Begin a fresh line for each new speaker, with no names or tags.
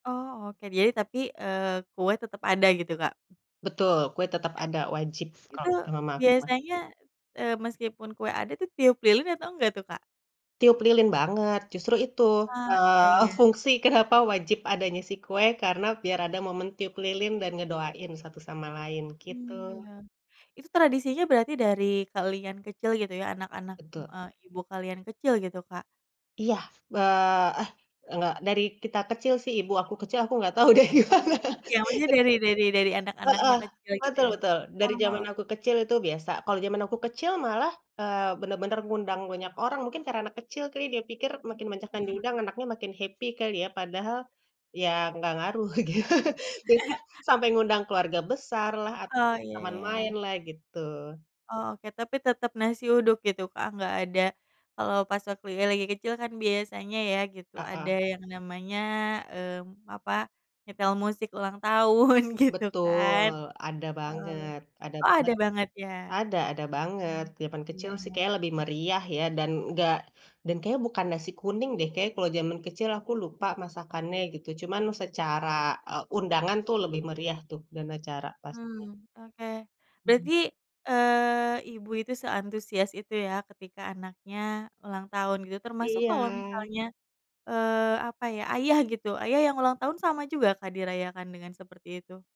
Oh oke, jadi tapi, eee, kue tetep ada gitu, Kak?
Betul, kue tetap ada wajib kalau
Itu
kata Mama aku mah.
biasanya, eee, meskipun kue ada itu tiup lilin atau nggak tuh, Kak?
Tiup lilin banget, justru itu,
Ah ya
eee,
ya.
fungsi kenapa wajib adanya si kue karena biar ada momen tiup lilin dan ngedoain satu sama lain, gitu.
Hmm, ya, itu tradisinya berarti dari kalian kecil gitu ya anak-anak,
Betul.
eee, ibu kalian kecil gitu, Kak?
Iya eee, eh nggak, dari kita kecil sih, ibu aku kecil, aku nggak tahu deh gimana.
Iya maksudnya dari dari dari
Heeh,
anak-anaknya kecil gitu
betul
ya?
betul, dari zaman
Oh.
aku kecil itu biasa. Kalau zaman aku kecil malah, eee, bener-bener mengundang banyak orang mungkin karena anak kecil kali dia pikir makin banyak yang diundang
Mhm.
anaknya makin happy kali ya, padahal ya nggak ngaruh gitu, jadi ya sampai mengundang keluarga besar lah
Oh
atau
iya
teman main
iya.
lah, gitu.
Oh oke, tapi tetep nasi uduk gitu, Kak, gak ada kalau pas waktu ya lagi kecil kan biasanya ya gitu,
Heeh.
ada yang namanya eee, apa, nyetel musik ulang tahun gitu
Betul,
kan.
ada
Eee,
banget ada
oh ada
banget.
banget ya.
Ada ada banget,
Hmm,
zaman
Iya
kecil sih
iya.
kayaknya lebih meriah ya dan ngga dan kayaknya bukan nasi kuning deh, kayaknya kalo zaman kecil aku lupa masakannya gitu cuman secara, eee, undangan tuh lebih meriah tuh dan acara pastinya.
Hmm oke.
[unintelligible]
Berarti, eee, ibu itu seantusias itu ya ketika anaknya ulang tahun gitu termasuk kalau
Iya.
misalnya eee, apa ya, ayah gitu, ayah yang ulang tahun sama juga, Kak, dirayakan dengan seperti itu?